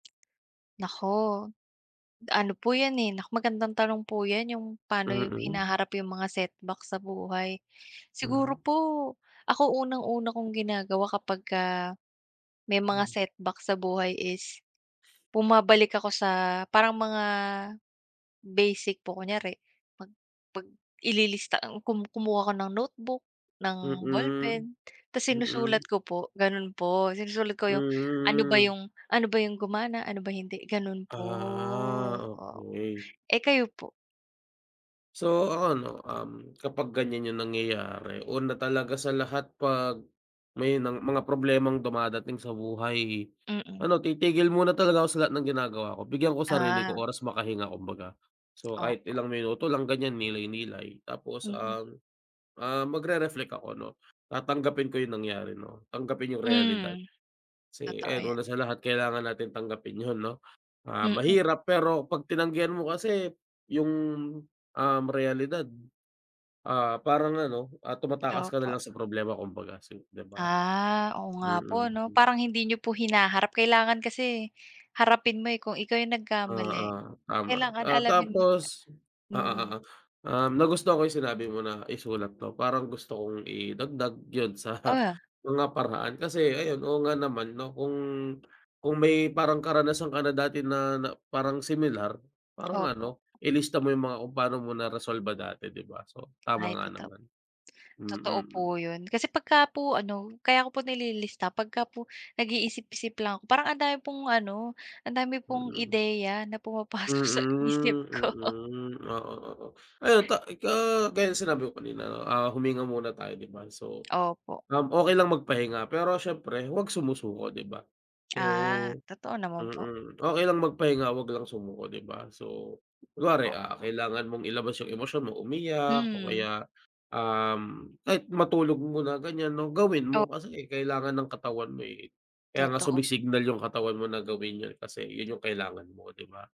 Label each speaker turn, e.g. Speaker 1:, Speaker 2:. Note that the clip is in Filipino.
Speaker 1: Naku, ano po yan, eh, nak magandang tanong po yan yung pano yung
Speaker 2: Mm.
Speaker 1: hinaharap yung mga setback sa buhay. Siguro
Speaker 2: Hmm.
Speaker 1: po ako unang-una kong ginagawa kapagka may mga
Speaker 2: Hmm.
Speaker 1: setback sa buhay is bumabalik ako sa parang mga basic po, kunyari pag pag ililista ang kum kumuha ako ng notebook ng
Speaker 2: Mm,
Speaker 1: ballpen tas sinusulat
Speaker 2: mm.
Speaker 1: ko po, ganun po. Sinusulat ko yung ano ba
Speaker 2: Mm. Hmm.
Speaker 1: yung ano ba yung gumana? Ano ba hindi, ganun po,
Speaker 2: Ah
Speaker 1: oh.
Speaker 2: okey.
Speaker 1: Eh, kayo po?
Speaker 2: So, ako ano, um, kapag ganyan yung nangyayari una talaga sa lahat pag may nang mga problemang dumadating sa buhay
Speaker 1: Mm.
Speaker 2: ano titigil muna talaga ako sa lahat ng ginagawa ko. Bigyan ko sarili ko
Speaker 1: Ah.
Speaker 2: oras makahinga kumbaga. So, kahit
Speaker 1: Opo.
Speaker 2: ilang minuto lang ganyan nilay-nilay tapos
Speaker 1: Mm.
Speaker 2: ang ah, magre-reflect ako, 'no? Tatanggapin ko yung nangyari, 'no? Tanggapin yung realidad.
Speaker 1: Hmm,
Speaker 2: Kasi,
Speaker 1: totoo
Speaker 2: ayun una
Speaker 1: yan.
Speaker 2: sa lahat kailangan natin tanggapin yun, 'no? Ah,
Speaker 1: Mm.
Speaker 2: mahirap pero pag tinanggihan mo kasi yung, um, realidad, ah, parang ano, ah, tumatakas ka na
Speaker 1: Opo.
Speaker 2: lang sa problema kumbaga si, 'di ba?
Speaker 1: Ah, oo nga
Speaker 2: Mm.
Speaker 1: po, 'no?
Speaker 2: Hmm.
Speaker 1: Parang hindi niyo po hinaharap kailangan kasi harapin mo, eh, kung ikaw yung nagkamali
Speaker 2: Oo, tama,
Speaker 1: kailangan
Speaker 2: ah,
Speaker 1: alamin mo
Speaker 2: tapos oo,
Speaker 1: mm.
Speaker 2: oo, um, nagustohan ko yung sinabi mo na isulat 'to. Parang gusto kong idagdag yun sa
Speaker 1: Ah.
Speaker 2: mga paraan. Kasi ayun, oo nga naman, 'no? Kung kung may parang karanasan ka na dati na na parang similar, parang
Speaker 1: Opo.
Speaker 2: ano ilista mo yung mga kung paano mo naresolba dati, 'di ba? So, tama
Speaker 1: Ay
Speaker 2: nga
Speaker 1: totoo p
Speaker 2: naman,
Speaker 1: totoo po
Speaker 2: mm.
Speaker 1: yun kasi pagka po ano kaya ko po nililista pagka po nag-iisip-isip lang ako. Parang ang dami pong ano, ang dami pong
Speaker 2: Mm.
Speaker 1: ideya na pumapasok sa isip
Speaker 2: Mm.
Speaker 1: ko.
Speaker 2: Mm. Oo, oo. Ayun ta ga gaya ng sinabi ko kanina, no? Ah, huminga muna tayo, 'di ba? So,
Speaker 1: Opo.
Speaker 2: um, okey lang magpahinga. Pero siyempre huwag sumusuko, 'di ba? So
Speaker 1: Ah, totoo naman po.
Speaker 2: mm. Okey lang magpahinga huwag lang sumuko, 'di ba? So, kunware, ah,
Speaker 1: Opo.
Speaker 2: kailangan mong ilabas yung emosyon mo umiyak o
Speaker 1: Hmm.
Speaker 2: kaya, um, kahit matulog muna ganyan, 'no? Gawin
Speaker 1: O
Speaker 2: mo kasi kailangan ng katawan mo eh kaya nga
Speaker 1: Totoo p
Speaker 2: sumsignal yung katawan mo na gawin yun kasi yun yung kailangan mo, 'di ba?